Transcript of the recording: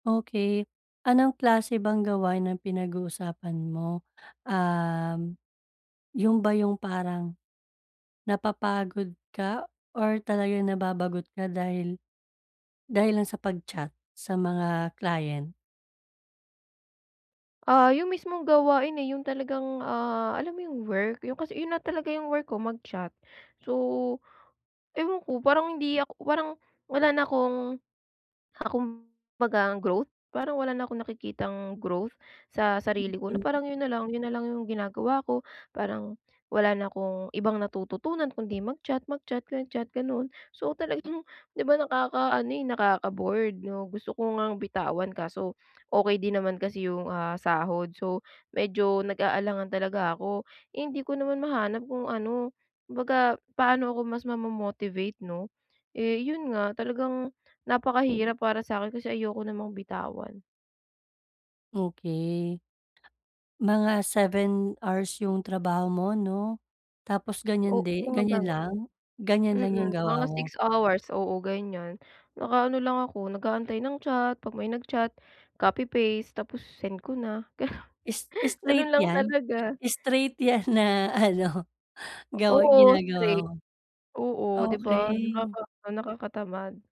Okey. Anong klase bang gawain ang pinag-uusapan mo? Uhm, ‘yon ba yung parang napapagod ka or talaga nababagot ka dahil, dahil lang sa pag-chat sa mga client? Ah, yung mismong gawain, eh, yung talagang, ah alam mo yung work? ‘Yon kasi ‘yon na talaga yung work ko, mag-chat. So, ewan ko parang hindi ak parang wala na akong ah, kumbaga growth parang wala na akong nakikitang growth sa sarili ko. Na Mhm. parang ‘yon nalang. ‘Yon nalang yung ginagawa ko, parang wala na akong ibang natututunan kung ‘di mag-chat, mag-chat, mag-chat, gano'n. So, talag ‘di ba nakakaano eh nakaka-bored 'no. Gusto ko ngang bitawan kaso okey din naman kasi yung, ah, sahod. So, medyo nag-aalangan talaga ako. Eh, hindi ko naman mahanap kung ano, kumbaga paano ako mas mamo-motivate 'no, eh yon nga talagang napakahirap para sakin kasi ayoko namang bitawan. Okey. Mga 7 hours yung trabaho mo 'no. Tapos ganiyan O di mga ganiyan lang? gano'n. Ganiyan lang yung Mm, mga gawa mo? 6 hours. Oo, ganyan. Naka-ano lang ako, nag-aantay ng chat ‘pag may nag-chat. Copy paste tapos send ko na gano Is gano'n straight lang yan? talaga. Straight ‘yan na ano gawa Oo, ginagawa straight. mo? Oo, ‘di ba? Okey. nakaka nakakatamad.